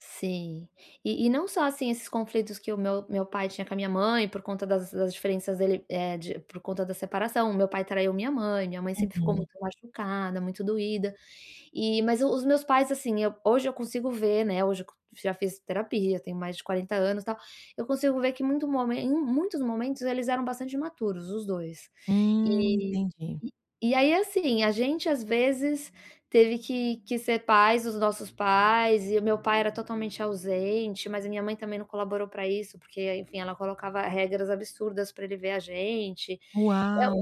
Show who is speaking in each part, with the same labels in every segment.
Speaker 1: Sim, e e não só assim esses conflitos que o meu meu pai tinha com a minha mãe por conta das das diferenças dele, eh, de por conta da separação. O meu pai traiu a minha mãe, minha mãe sempre ficou
Speaker 2: Uhum.
Speaker 1: muito machucada, muito doída. E, mas os meus pais, assim hoje eu consigo ver, né, hoje, já fiz terapia, tenho mais de 40 anos tal, eu consigo ver que muito momen em muitos momentos, eles eram bastante imaturos, os dois.
Speaker 2: Hum,
Speaker 1: E
Speaker 2: entendi.
Speaker 1: e aí, assim, a gente às vezes teve que que ser pais dos nossos pais, e o meu pai era totalmente ausente, mas a minha mãe também não colaborou pra isso, porque enfim, ela colocava regras absurdas pra ele ver a gente, eh,
Speaker 2: Uau,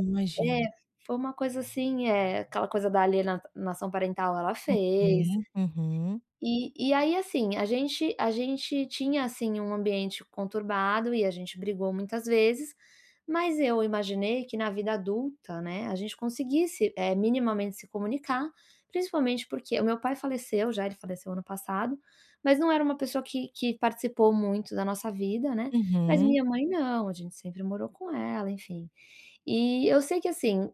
Speaker 1: um eh,
Speaker 2: imagino.
Speaker 1: foi uma coisa assim, eh, aquela coisa da aliena alienação parental ela
Speaker 2: Ok,
Speaker 1: fez.
Speaker 2: uhum.
Speaker 1: E e aí assim, a gente a gente tinha assim um ambiente conturbado e a gente brigou muitas vezes, mas eu imaginei que na vida adulta, né, a gente conseguisse, eh, minimamente se comunicar, principalmente porque o meu pai faleceu já, ele faleceu ano passado, mas não era uma pessoa que que participou muito da nossa vida, né, mas
Speaker 2: Uhum.
Speaker 1: minha mãe não, a gente sempre morou com ela, enfim, e eu sei que assim,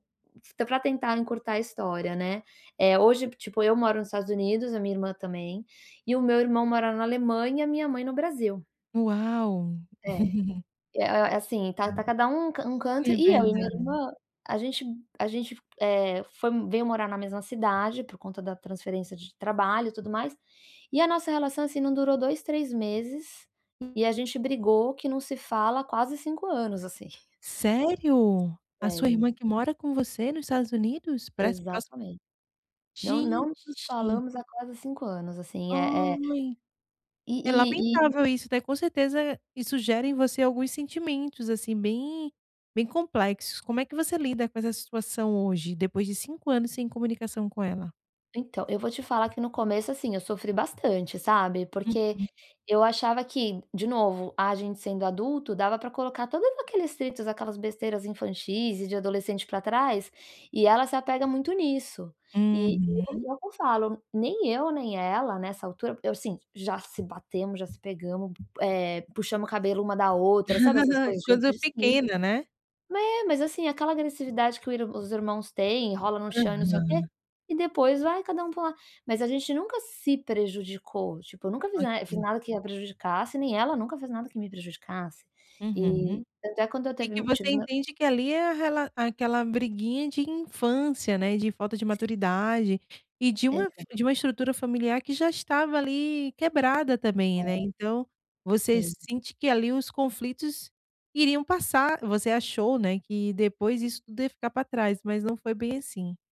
Speaker 1: pra tentar encurtar a história, né, eh, hoje tipo eu moro nos Estados Unidos, a minha irmã também, e o meu irmão mora na Alemanha, e a minha mãe no Brasil.
Speaker 2: Uau.
Speaker 1: É, e a é assim tá tá cada um um
Speaker 2: É
Speaker 1: canto, e eu e minha
Speaker 2: verdade.
Speaker 1: irmã a gente a gente, eh, foi veio morar na mesma cidade, por conta da transferência de trabalho e tudo mais, e a nossa relação assim, não durou 2, 3 meses e a gente brigou que não se fala quase 5 anos, assim.
Speaker 2: Sério? A sua
Speaker 1: Sério.
Speaker 2: irmã que mora com você nos Estados Unidos? Parece próximo
Speaker 1: Exatamente, não não nos
Speaker 2: Gente.
Speaker 1: falamos há quase 5 anos assim, é, é
Speaker 2: Ai,
Speaker 1: E
Speaker 2: é
Speaker 1: e e
Speaker 2: lamentável isso. Daí com certeza isso gera em você alguns sentimentos assim bem, bem complexos. Como é que você lida com essa situação hoje, depois de 5 anos sem comunicação com ela?
Speaker 1: Então, eu vou te falar que no começo assim, eu sofri bastante, sabe, porque
Speaker 2: Uhum.
Speaker 1: eu achava que, de novo, a gente sendo adulto dava pra colocar todos aqueles atritos, aquelas besteiras infantis e de adolescente pra trás, e ela se apega muito nisso. E eu
Speaker 2: Uhum.
Speaker 1: eu falo, nem eu nem ela nessa altura assim, já se batemos, já se pegamos, eh, puxamos o cabelo uma da outra, sabe, essas coisas
Speaker 2: Coisa
Speaker 1: de se
Speaker 2: pequena, né.
Speaker 1: é, mas assim aquela agressividade que o irm que os irmãos têm, rolam no chão e não sei o quê
Speaker 2: Aham.
Speaker 1: e depois vai cada pra um lado. Mas a gente nunca se prejudicou, tipo nunca fiz na
Speaker 2: Ok.
Speaker 1: nada que a prejudicasse, nem ela nunca fez nada que me prejudicasse,
Speaker 2: Uhum,
Speaker 1: e até quando eu
Speaker 2: e que
Speaker 1: teve tive
Speaker 2: você
Speaker 1: meu
Speaker 2: entende que ali a rela é aquela briguinha de infância, né, de falta de maturidade, e de uma
Speaker 1: Exato.
Speaker 2: de um estrutura familiar que já estava ali quebrada
Speaker 1: É,
Speaker 2: também, né, então, você
Speaker 1: sim.
Speaker 2: sente que ali os conflitos iriam passar, você achou, né, que depois isso tudo ia ficar pra trás, mas não foi bem assim.